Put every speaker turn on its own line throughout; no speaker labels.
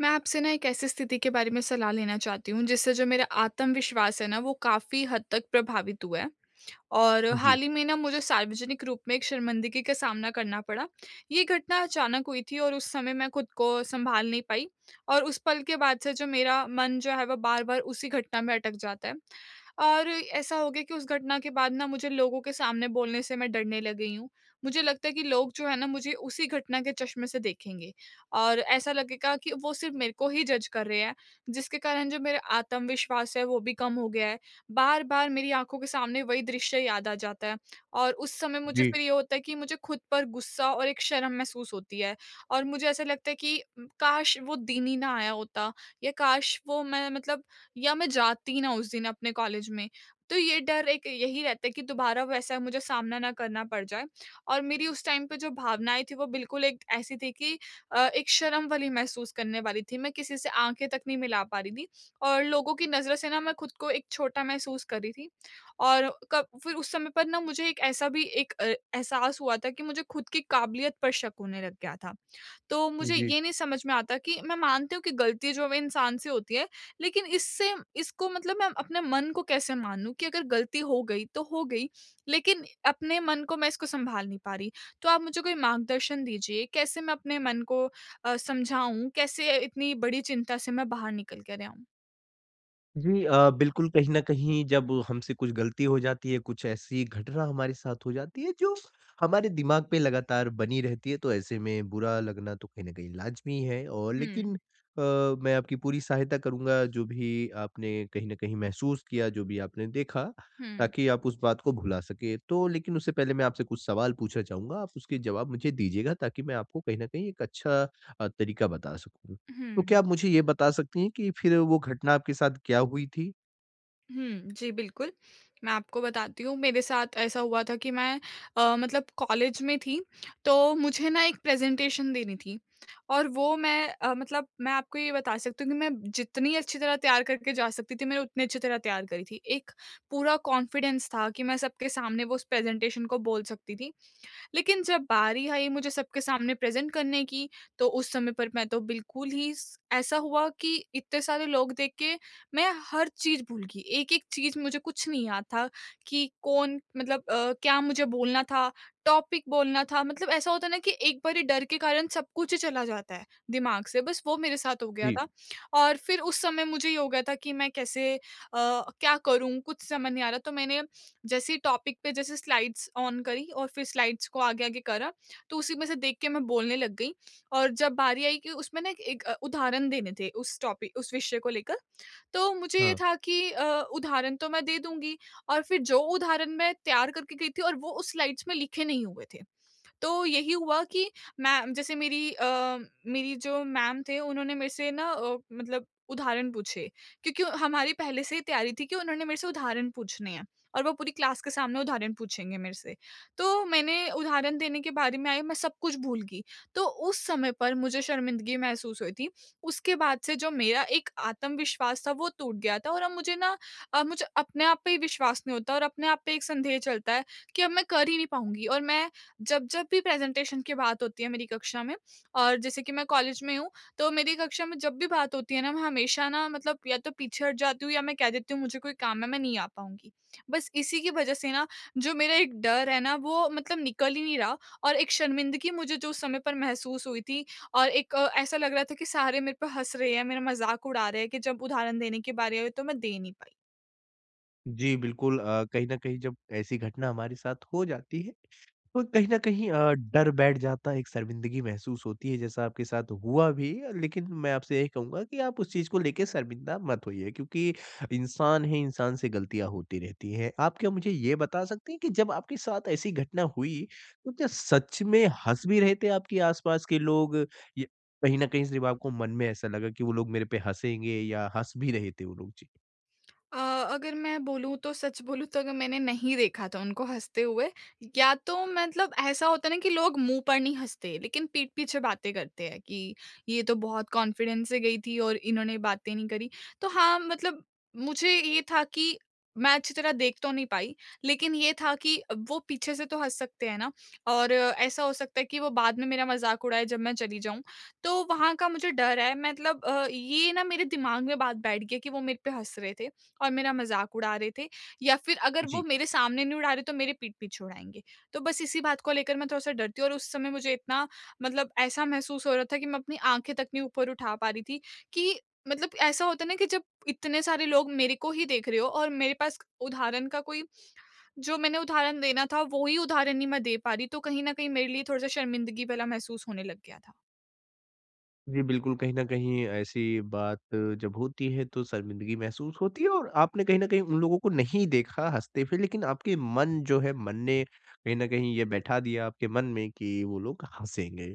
मैं आपसे ना एक ऐसी स्थिति के बारे में सलाह लेना चाहती हूँ जिससे जो मेरा आत्मविश्वास है ना वो काफी हद तक प्रभावित हुआ है। और
जी।
हाल ही में ना मुझे सार्वजनिक रूप में एक शर्मिंदगी का सामना करना पड़ा। ये घटना अचानक हुई थी और उस समय मैं खुद को सँभाल नहीं पाई, और उस पल के बाद से जो मेरा मन जो है वो बार-बार उसी घटना में अटक जाता है। और ऐसा हो गया कि उस घटना के बाद ना मुझे लोगों के सामने बोलने से मैं डरने लग गई हूँ। मुझे लगता है कि, लोग जो है ना मुझे उसी घटना के चश्मे से देखेंगे, और ऐसा लगेगा कि वो सिर्फ़ मेरे को ही जज़ कर रहे हैं जिसके कारण जो मेरा आत्मविश्वास है वो भी कम हो गया है बार-बार मेरी आँखों के सामने वही दृश्य याद आ जाता है, और उस समय मुझे
जी।
फिर ये होता है कि मुझे खुद पर गुस्सा और एक शर्म महसूस होती है। और मुझे ऐसा लगता है कि उम, काश वो दिन ही ना आया होता या काश वो मैं मतलब या मैं जाती ना उस दिन अपने कॉलेज में। तो ये डर एक यही रहता है कि दोबारा वैसा मुझे सामना ना करना पड़ जाए, और मेरी उस टाइम पे जो भावना आई थी वो बिल्कुल एक ऐसी थी कि अ, एक शर्म वाली महसूस करने वाली थी मैं किसी से आँखें तक नहीं मिला पा रही थी, और लोगों की नज़रों से ना मैं खुद को एक छोटा महसूस कर रही थी। और कब फिर उस समय पर ना मुझे एक ऐसा भी एक अ, एहसास हुआ था कि मुझे खुद की काबिलियत पर शक होने लग गया था। तो मुझे
जी।
ये नहीं समझ में आता कि मैं मानती हूँ कि गलती जो इंसान से होती है लेकिन इससे इसको मतलब मैं अपने मन को कैसे मानूँ कि अगर गलती हो गई तो हो गई, लेकिन अपने मन को मैं इसको सँभाल नहीं पा रही। तो आप मुझे कोई मार्गदर्शन दीजिए कैसे मैं अपने मन को अ, समझाऊँ? कैसे इतनी बड़ी चिंता से मैं बाहर निकल कर आऊँ?
जी अ, बिल्कुल कहीं न कहीं जब हमसे कुछ ग़लती हो जाती है, कुछ ऐसी घटना हमारे साथ हो जाती है, जो हमारे दिमाग़ पे लगातार बनी रहती है, तो ऐसे में बुरा लगना तो कहीं न कहीं लाज़मी है। और
हुँ।
लेकिन अ, मैं आपकी पूरी सहायता करूँगा जो भी आपने, कहीं न कहीं महसूस किया, जो भी आपने देखा,
हुँ।
ताकि आप उस बात को भुला सकें। तो लेकिन उससे पहले मैं आपसे कुछ सवाल पूछना चाहूँगा, आप उसके जवाब मुझे दीजिएगा ताकि मैं आपको कहीं न कहीं एक अच्छा अ, तरीक़ा बता सकूँ। तो क्या
हुँ।
आप मुझे ये बता सकती हैं कि फिर वो घटना आपके साथ क्या हुई थी?
हुँ। जी बिल्कुल, मैं आपको बताती हूँ मेरे साथ ऐसा हुआ था कि मैं अ, मतलब कॉलेज में थी, तो मुझे ना एक प्रेजेंटेशन देनी थी और वो मैं अ, मतलब मैं आपको ये बता सकती हूँ कि मैं जितनी अच्छी तरह तैयार करके जा सकती थी मैं उतनी अच्छी तरह तैयार करी थी, एक पूरा कॉन्फिडेंस था कि मैं सबके सामने वो उस प्रेजेंटेशन को बोल सकती थी। लेकिन जब बारी आई मुझे सबके सामने प्रेजेंट करने की, तो उस समय पर मैं तो बिल्कुल ही स ऐसा हुआ कि इतने सारे लोग देख के मैं हर चीज़ भूल गई, एक-एक चीज़ मुझे कुछ नहीं याद था कि कौन मतलब अ, क्या मुझे बोलना था, टॉपिक बोलना था मतलब ऐसा होता है ना? कि एक बारी डर के कारण सब कुछ ही चला जाता है, दिमाग़ से बस वो मेरे साथ हो गया
जी।
था। और फिर उस समय मुझे ये हो गया था कि मैं कैसे अ, क्या करूँ कुछ समझ नहीं आ रहा, तो मैंने जैसे ही टॉपिक पे जैसे स्लाइड्स ऑन करी और फिर स्लाइड्स को आगे आगे करा, तो उसी में से देख के मैं बोलने लग गई। और जब बारी आई कि, उसमें ना एक एक अ, उदाहरण देने थे उस टॉपिक उस विषय को लेकर। तो मुझे ये
हाँ।
था कि अ, उदाहरण तो मैं दे दूँगी और फिर जो उदाहरण मैं तैयार करके गई थी और वो उस स्लाइड्स में लिखे नहीं हुए थे। तो यही हुआ कि मैं जैसे मेरी अ, मेरी जो मैम थे उन्होंने मेरे से ना अ, मतलब उदाहरण पूछे। क्योंकि हमारी पहले से ही तैयारी थी कि उन्होंने मेरे से उदाहरण पूछने हैं, और वो पूरी क्लास के सामने उदाहरण पूछेंगे मेरे से। तो मैंने उदाहरण देने के बारे में आई मैं सब कुछ भूल गई, तो उस समय पर मुझे शर्मिंदगी महसूस हुई थी। उसके बाद से जो मेरा एक आत्मविश्वास था वो टूट गया था और अब मुझे ना अब मुझे अपने आप पर विश्वास नहीं होता और अपने आप पर एक संदेह चलता है, कि अब मैं कर ही नहीं पाऊँगी और मैं जब-जब भी प्रेजेंटेशन की बात होती है मेरी कक्षा में और जैसे कि मैं कॉलेज में हूँ, तो मेरी कक्षा में जब भी बात होती है ना, मैं हमेशा ना मतलब या तो पीछे हट जाती हूँ या मैं कह देती हूँ मुझे कोई काम है मैं नहीं आ पाऊँगी। बस इसी की वज़ह से ना जो मेरा एक डर है ना वो मतलब निकल ही नहीं रहा और एक शर्मिंदगी मुझे जो उस समय पर महसूस हुई थी और एक ऐसा लग रहा था कि सारे मेरे पर हँस रहे हैं, मेरा मज़ाक उड़ा रहे हैं कि जब उदाहरण देने के बारी आई तो मैं दे नहीं पाई।
जी बिल्कुल, अ, कहीं न कहीं जब ऐसी घटना हमारे साथ हो जाती है। तो कहीं न कहीं अ, डर बैठ जाता है एक शर्मिंदगी महसूस होती है जैसा आपके साथ हुआ भी लेकिन मैं आपसे यही कहूँगा की आप उस चीज़ को लेके शर्मिंदा मत होइए। क्योंकि इंसान ही इंसान से गलतियाँ होती रहती है। आप क्या मुझे ये बता सकती हैं कि जब आपके साथ ऐसी घटना हुई तो क्या सच में हँस भी रहे थे आपके आसपास के लोग? या कहीं न कहीं सिर्फ़ आपको मन में ऐसा लगा कि वो लोग मेरे पे हँसेंगे या हँस भी रहे थे वो लोग? जी।
अ, अगर मैं बोलूँ तो सच बोलूँ तो अगर मैंने नहीं देखा था उनको हँसते हुए, या तो मतलब ऐसा होता है ना कि लोग मुँह पर नहीं हँसते लेकिन पीठ पीछे बातें करते हैं कि, ये तो बहुत कॉन्फिडेंस से गई थी और इन्होंने बातें नहीं करी। तो हाँ, मतलब मुझे ये था कि मैं अच्छी तरह देख तो नहीं पाई लेकिन ये था कि वो पीछे से तो हँस सकते हैं ना और ऐसा हो सकता है कि वो बाद में मेरा मज़ाक उड़ाए जब मैं चली जाऊँ तो वहाँ का मुझे डर है। मतलब अ, ये ना मेरे दिमाग में बात बैठ गई है कि वो मेरे पे हँस रहे थे और मेरा मज़ाक उड़ा रहे थे या फिर अगर वो
जी।
मेरे सामने नहीं उड़ा रहे तो मेरे पीठ पीछे उड़ाएँगे तो बस इसी बात को लेकर मैं थोड़ा-सा डरती हूँ और उस समय मुझे इतना मतलब ऐसा महसूस हो रहा था कि मैं अपनी आँखें तक नहीं ऊपर उठा पा रही थी कि मतलब ऐसा होता है ना कि जब इतने सारे लोग मेरे को ही देख रहे हो और मेरे पास उदाहरण का कोई जो मैंने उदाहरण देना था वो ही उदाहरण नहीं मैं दे पा रही तो कहीं न कहीं मेरे लिए थोड़ा-सा शर्मिंदगी वाला महसूस होने लग गया था।
जी बिल्कुल, कहीं न कहीं ऐसी बात जब होती है तो शर्मिंदगी महसूस होती है, और आपने कहीं न कहीं उन लोगों को नहीं देखा हँसते फिर लेकिन आपके मन जो है मन ने कहीं न कहीं ये बैठा दिया आपके मन में कि वो लोग हँसेगे।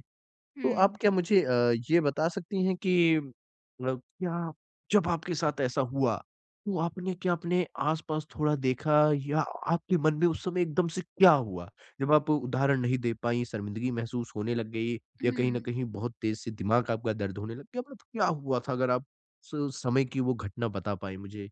तो आप
हुँ।
क्या मुझे ये बता सकती हैं कि मतलब क्या जब आपके साथ ऐसा हुआ तो आपने क्या आप अपने आसपास थोड़ा देखा या आपके मन में उस समय एकदम से क्या हुआ? जब आप उदाहरण नहीं दे पाई शर्मिंदगी महसूस होने लग गयी या कहीं न
हुँ।
कहीं बहुत तेज़ से दिमाग आपका दर्द होने लग गया। क्या बात क्या हुआ था अगर आप उस समय की वो घटना बता पाएँ मुझे?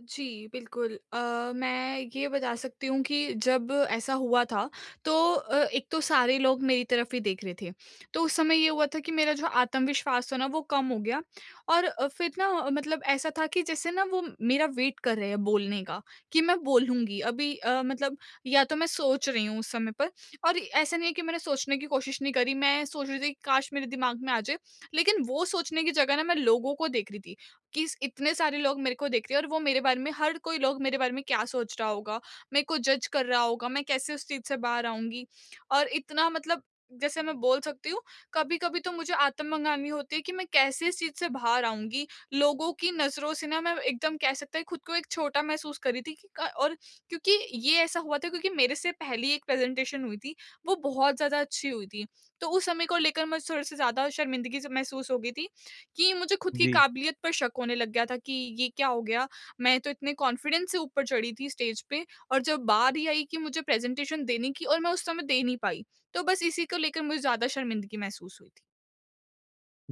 जी, बिल्कुल अ, मैं ये बता सकती हूँ कि जब ऐसा हुआ था तो अ, एक तो सारे लोग मेरी तरफ ही देख रहे थे तो उस समय ये हुआ था कि मेरा जो आत्मविश्वास था ना वो कम हो गया, और फिर ना मतलब ऐसा था कि जैसे ना वो मेरा वेट कर रहे हैं बोलने का, कि मैं बोलूँगी अभी अ, मतलब या तो मैं सोच रही हूँ उस समय पर और ऐसा नहीं है कि मैंने सोचने की कोशिश नहीं करी। मैं सोच रही थी कि काश मेरे दिमाग में आ जाए लेकिन वो सोचने की जगह ना मैं लोगों को देख रही थी कि इस इतने सारे लोग मेरे को देख रहे हैं और वो मेरे बारे में हर कोई लोग मेरे बारे में क्या सोच रहा होगा? मेरे को जज़ कर रहा होगा मैं कैसे उस चीज़ से बाहर आऊँगी? और इतना मतलब जैसे मैं बोल सकती हूँ कभी-कभी तो मुझे आत्म मंगानी होती है कि मैं कैसे इस चीज़ से बाहर आऊँगी लोगों की नज़रों से ना मैं एकदम कह सकते हैं खुद को एक छोटा महसूस कर रही थी की क और क्योंकि ये ऐसा हुआ था क्योंकि मेरे से पहली एक प्रेजेंटेशन हुई थी वो बहुत ज़्यादा अच्छी हुई थी तो उस समय को लेकर मुझे थोड़े-से ज़्यादा शर्मिंदगी से महसूस हो गई थी कि मुझे खुद की
जी।
काबिलियत पर शक होने लग गया था कि ये क्या हो गया मैं तो इतने कॉन्फिडेंस से ऊपर चढ़ी थी स्टेज पे, और जब बारी ही आई कि मुझे प्रेजेंटेशन देने की और मैं उस समय दे नहीं पाई। तो बस इसी को लेकर मुझे ज़्यादा शर्मिंदगी महसूस हुई थी।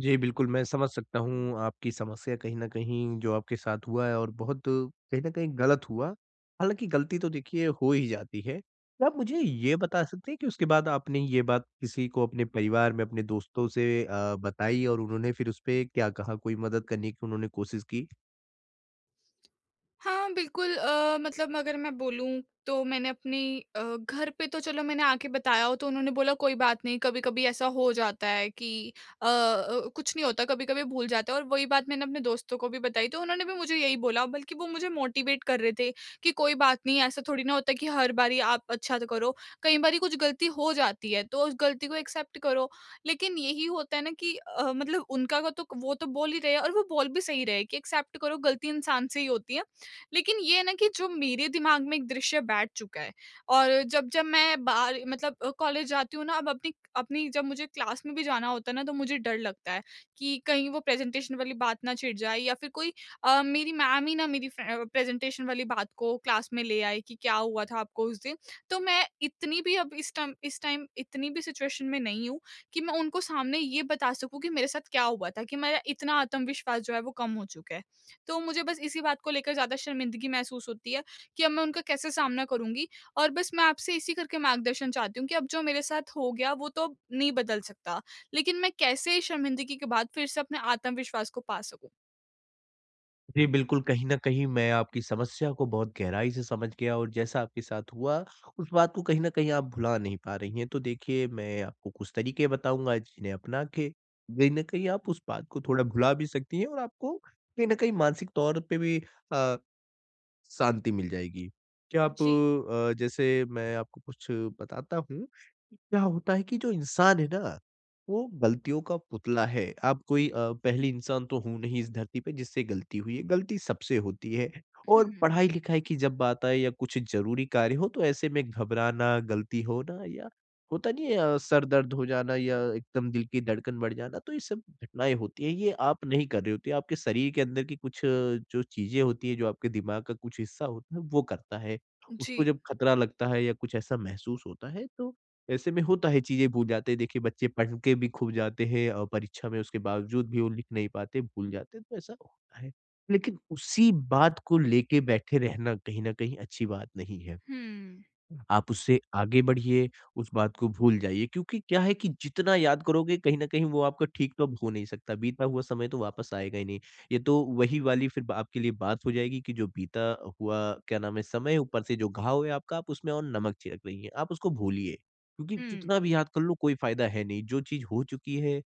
जी बिल्कुल, मैं समझ सकता हूँ आपकी समस्या कहीं न कहीं जो आपके साथ हुआ है और बहुत कहीं न कहीं ग़लत हुआ। हालाँकि ग़लती तो देखिए हो ही जाती है। तो आप मुझे ये बता सकते हैं कि उसके बाद आपने ये बात किसी को अपने परिवार में, अपने दोस्तों से अ, बताई और उन्होंने फिर उस पे क्या कहा? कोई मदद करने की उन्होंने कोशिश की?
हाँ बिल्कुल, अ, मतलब अगर मैं बोलूँ तो मैंने अपनी अ, घर पे तो चलो मैंने आके बताया हो तो उन्होंने बोला कोई बात नहीं, कभी-कभी ऐसा हो जाता है कि अ, कुछ नहीं होता कभी-कभी भूल जाते हैं और वही बात मैंने अपने दोस्तों को भी बताई। तो उन्होंने भी मुझे यही बोला, बल्कि वो मुझे मोटिवेट कर रहे थे कि कोई बात नहीं, ऐसा थोड़ी ना होता है कि हर बारी आप अच्छा करो। कई बारी कुछ ग़लती हो जाती है तो उस ग़लती को एक्सेप्ट करो। लेकिन यही होता है ना कि अ, मतलब उनका व तो, वो तो बोल ही रहे हैं और वो बोल भी सही रहे कि एक्सेप्ट करो, ग़लती इंसान से ही होती है। लेकिन ये है ना कि जो मेरे दिमाग़ में एक दृश्य बैठ चुका है और जब-जब मैं बाहर मतलब कॉलेज जाती हूँ ना अब अपनी अपनी जब मुझे क्लास में भी जाना होता है ना तो मुझे डर लगता है कि कहीं वो प्रेजेंटेशन वाली बात ना छिड़ जाए या फिर कोई अ, मेरी मैम ही ना मेरी फ्रे प्रेजेंटेशन वाली बात को क्लास में ले आए, कि क्या हुआ था आपको उस दिन? तो मैं इतनी भी अब इस टाइम इस टाइम इतनी भी सिचुएशन में नहीं हूँ कि मैं उनको सामने ये बता सकूँ कि मेरे साथ क्या हुआ था, कि मेरा इतना आत्मविश्वास जो है वो कम हो चुका है। तो मुझे बस इसी बात को लेकर ज़्यादा शर्मिंदगी महसूस होती है कि अब मैं उनका कैसे सामना करूँगी? और बस मैं आपसे इसी करके मार्गदर्शन चाहती हूँ कि अब जो मेरे साथ हो गया वो तो नहीं बदल सकता, लेकिन मैं कैसे शर्मिंदगी के बाद फिर से अपने आत्मविश्वास को पा सकूँ।
जी बिल्कुल, कहीं न कहीं मैं आपकी समस्या को बहुत गहराई से समझ गया और जैसा आपके साथ हुआ उस बात को कहीं न कहीं आप भुला नहीं पा रही हैं। तो देखिए मैं आपको कुछ तरीके बताऊँगा जिन्हें अपना के कहीं न कहीं आप उस बात को थोड़ा भुला भी सकती हैं। और आपको कही न कही मानसिक तौर पे भी अ, शांति मिल जाएगी। क्या आप
जी।
अ, जैसे मैं आपको कुछ बताता हूँ क्या होता है कि जो इंसान है ना वो गलतियों का पुतला है। आप कोई अ, पहली इंसान तो हो नहीं इस धरती पे जिससे गलती हुई है। गलती सबसे होती है और
हुँ।
पढ़ाई-लिखाई की जब बात आए या कुछ ज़रूरी कार्य हो तो ऐसे में घबराना गलती होना या होता नहीं है, सर दर्द हो जाना या एकदम दिल की धड़कन बढ़ जाना, तो ये सब घटनाएँ होती हैं। ये आप नहीं कर रहे होते आपके शरीर के अंदर की कुछ जो चीज़ें होती हैं जो आपके दिमाग का कुछ हिस्सा होता है वो करता है। उसको
जी।
जब खतरा लगता है या कुछ ऐसा महसूस होता है तो, ऐसे में होता है चीज़ें भूल जाते हैं। देखिए बच्चे पढ़ के भी खूब जाते हैं और परीक्षा में उसके बावजूद भी वो लिख नहीं पाते भूल जाते हैं तो ऐसा होता है। लेकिन उसी बात को लेके बैठे रहना कहीं न कहीं अच्छी बात नहीं है।
हुँ।
आप उससे आगे बढ़िये उस बात को भूल जाइये क्योंकि क्या है कि, जितना याद करोगे कहीं न कहीं वो आपका ठीक तो अब हो नहीं सकता। बीता हुआ समय तो वापस आएगा ही नहीं। ये तो वही वाली फिर आपके लिए बात हो जाएगी की जो बीता हुआ क्या नाम है समय ऊपर से जो घाव है आपका उसमें और नमक छिड़क रही हैं। आप उसको भूलिए, क्योंकि
हुँ।
जितना भी याद कर लो कोई फ़ायदा है नहीं। जो चीज़ हो चुकी है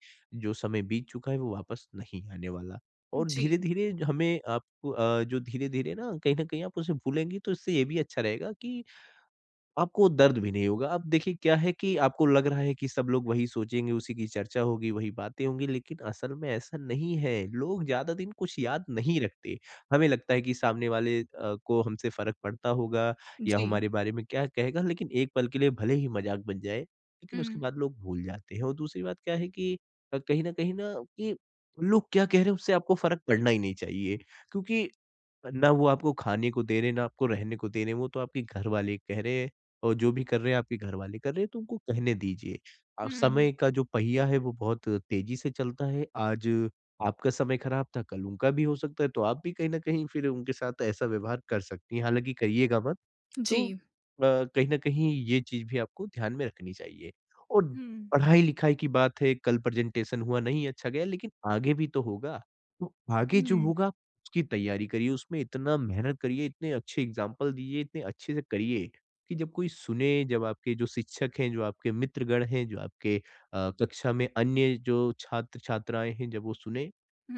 जो समय बीत चूका है वो वापस नहीं आने वाला और
जी।
धीरे-धीरे हमें अ, जो धीरे-धीरे ना कहीं न कहीं आप उसे भूलेंगे तो इससे ये भी अच्छा रहेगा की आपको दर्द भी नहीं होगा। अब देखिए क्या है की आपको लग रहा है कि सब लोग वही सोचेंगे उसी की चर्चा होगी वही बातें होंगी लेकिन असल में ऐसा नहीं है। लोग ज़्यादा दिन कुछ याद नहीं रखते। हमें लगता है कि सामने वाले को हमसे फ़र्क पड़ता होगा। या
जी।
हमारे बारे में क्या कहेगा लेकिन एक पल के लिए भले ही मज़ाक बन जाए लेकिन उसके
हुँ।
बाद लोग भूल जाते हैं। और दूसरी बात क्या है कि अ कहीं ना कहीं ना कि लोग क्या कह रहे हैं उससे आपको फ़र्क पड़ना ही नहीं चाहिए। क्योंकि ना वो आपको खाने को दे रहे हैं ना, आपको रहने को दे रहे हैं। वो तो आपके घर वाले कह रहे हैं। और जो भी कर रहे हैं आपके घर वाले कर रहे हैं तो उनको कहने दीजिए। आप
हुँ।
समय का जो पहिया है वो बहुत तेज़ी से चलता है। आज आपका समय ख़राब था कल उनका भी हो सकता है। तो आप भी कहीं न कहीं फिर उनके साथ ऐसा व्यवहार कर सकती हैं हालाँकि कहियेगा मत। तो अ,
जी।
कहीं न कहीं ये चीज़ भी आपको ध्यान में रखनी चाहिए। और
हुँ।
पढ़ाई-लिखाई की बात है कल प्रेजेंटेशन हुआ नहीं अच्छा गया लेकिन आगे भी तो होगा। तो आगे जो
हुँ।
होगा उसकी तैयारी करिए। उसमें इतना मेहनत करिए इतने अच्छे एक्जाम्पल दीजिए। इतने अच्छे से करिए कि जब कोई सुने जब आपके जो शिक्षक हैं जो आपके मित्रगण हैं। जो आपके अ, कक्षा में अन्य जो छात्र-छात्राएँ हैं जब वो सुने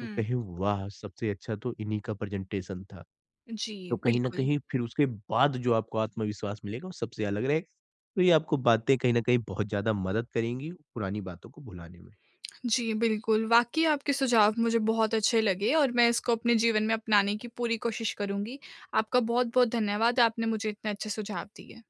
तो कहें वाह सबसे अच्छा तो इन्हीं का प्रेजेंटेशन था।
जी,
तो कहीं न
बिल्कुल।
कहीं फिर उसके बाद जो आपको आत्मविश्वास मिलेगा वो सबसे अलग रहेगा। तो ये आपको बातें कहीं न कहीं बहुत ज़्यादा मदद करेंगी पुरानी बातों को भुलाने में।
जी बिल्कुल, वाक़ई आपके सुझाव मुझे बहुत अच्छे लगे और मैं इसको अपने जीवन में अपनाने की पूरी कोशिश करुँगी। आपका बहुत-बहुत धन्यवाद आपने मुझे इतने अच्छे सुझाव दिए।